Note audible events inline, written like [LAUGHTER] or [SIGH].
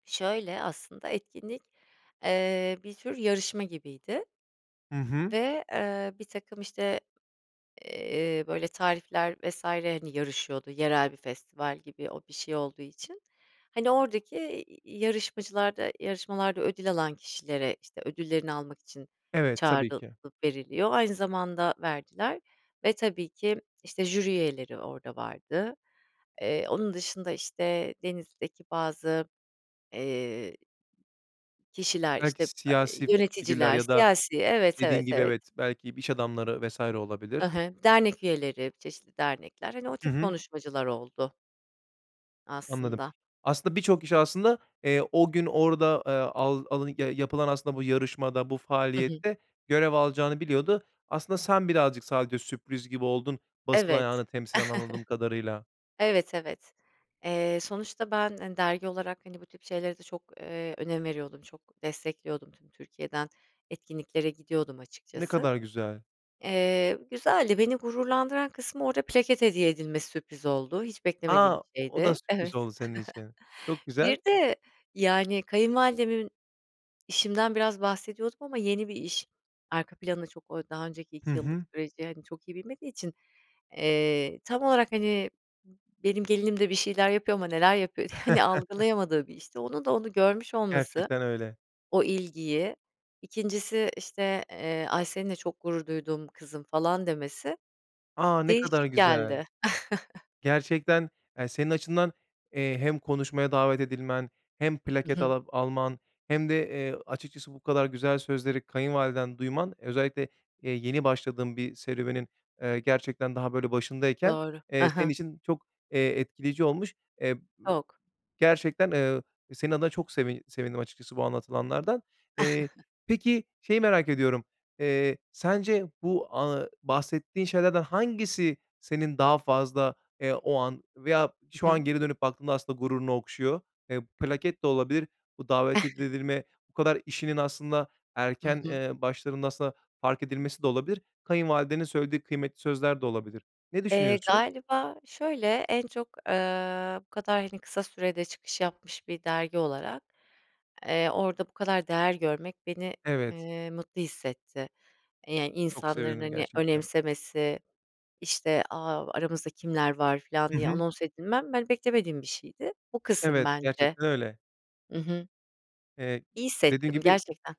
Şöyle aslında etkinlik, eee, bir tür yarışma gibiydi Hı hı. ve eee, birtakım işte, eee, böyle tarifler vs. hani yarışıyordu. Yerel bir festival gibi o bir şey olduğu için, hani, oradaki i i yarışmacılarda yarışmalarda ödül alan kişilere işte ödüllerini almak için Evet, tabii çağrılıp ki. veriliyor, aynı zamanda verdiler ve tabii ki işte jüri üyeleri orada vardı. Eee, onun dışında işte Denizli'deki bazı, eee, kişiler, işte ı Belki eee, siyasi figürler yöneticiler, ya da siyasi. Evet, dediğin evet, gibi, evet. evet, belki b iş adamları vs. I olabilir. hı, dernek üyeleri, çeşitli dernekler, hani, o Hı tip hı. konuşmacılar oldu. Anladım. Aslında. Aslında birçok kişi, aslında, eee, o gün orada, eee, al alın ya yapılan aslında bu yarışmada, bu Hı hı. faaliyette görev alacağını biliyordu. Aslında sen birazcık sadece sürpriz gibi oldun, basın Evet. ayağını [CHUCKLES] temsilen, anladığım kadarıyla. Evet, evet. Eee, sonuçta ben, hani, dergi olarak, hani, bu tip şeylere de çok, eee, önem veriyordum, çok destekliyordum tüm Türkiye'den etkinliklere gidiyordum Ne açıkçası. kadar güzel. Eee, güzeldi, beni gururlandıran kısmı, orada plaket hediye edilmesi sürpriz oldu. Hiç beklemediğim A, bir o da şeydi. sürpriz Evet. oldu senin için. Çok [CHUCKLES] Bir güzel. de yani kayınvalidemin, işimden biraz bahsediyordum ama yeni bir iş arka planı, çok o daha önceki Hı 2 yıllık hı. süreci hani çok iyi bilmediği için, eee, tam olarak hani m benim gelinim de bir şeyler yapıyor ama neler yapıyor, hani [CHUCKLES] algılayamadığı bir işti. Onun da onu görmüş olması, Gerçekten öyle. o ilgiyi, 2'ncisi işte, eee, ay seninle çok gurur duydum kızım falan demesi A! Ne kadar değişik güzel. geldi. [CHUCKLES] Gerçekten, eee, senin açından, eee, hem konuşmaya davet edilmen, hem Hı plaket hı. ala alman hem de, eee, açıkçası bu kadar güzel sözleri kayınvaliden duyman özellikle, eee, yeni başladığın bir serüvenin, eee, gerçekten daha böyle başındayken, Doğru. Hı eee, senin hı. için çok, eee, etkileyici olmuş. Eee, ııı, Çok. gerçekten, ııı, senin adına çok sevin sevindim açıkçası bu anlatılanlardan. Eee, [CHUCKLES] peki, şeyi merak ediyorum. Eee, sence bu, a bahsettiğin şeylerden hangisi senin daha fazla, eee, o an veya şu Hı an hı. geri dönüp baktığında aslında gururunu okşuyor? Eee, plaket de olabilir, bu davet ed [CHUCKLES] edilme, bu kadar işinin aslında Hı erken, hı. ııı, başlarında aslında fark edilmesi de olabilir, kayınvalidenin söylediği kıymetli sözler de olabilir. Ne Eee, düşünüyorsun? galiba şöyle: en çok, ııı, bu kadar hani kısa sürede çıkış yapmış bir dergi olarak, eee, orada bu kadar değer görmek beni, Evet. eee, mutlu hissetti. E, yani Çok insanların sevindim hani gerçekten. önemsemesi, işte, "A, aramızda kimler var!" filan Hı diye hı. anons edilmem, ben beklemediğim bir şeydi. Bu kısım Evet, bence. gerçekten öyle. Hı hı. Eee, İyi dediğin hissettim gibi gerçekten.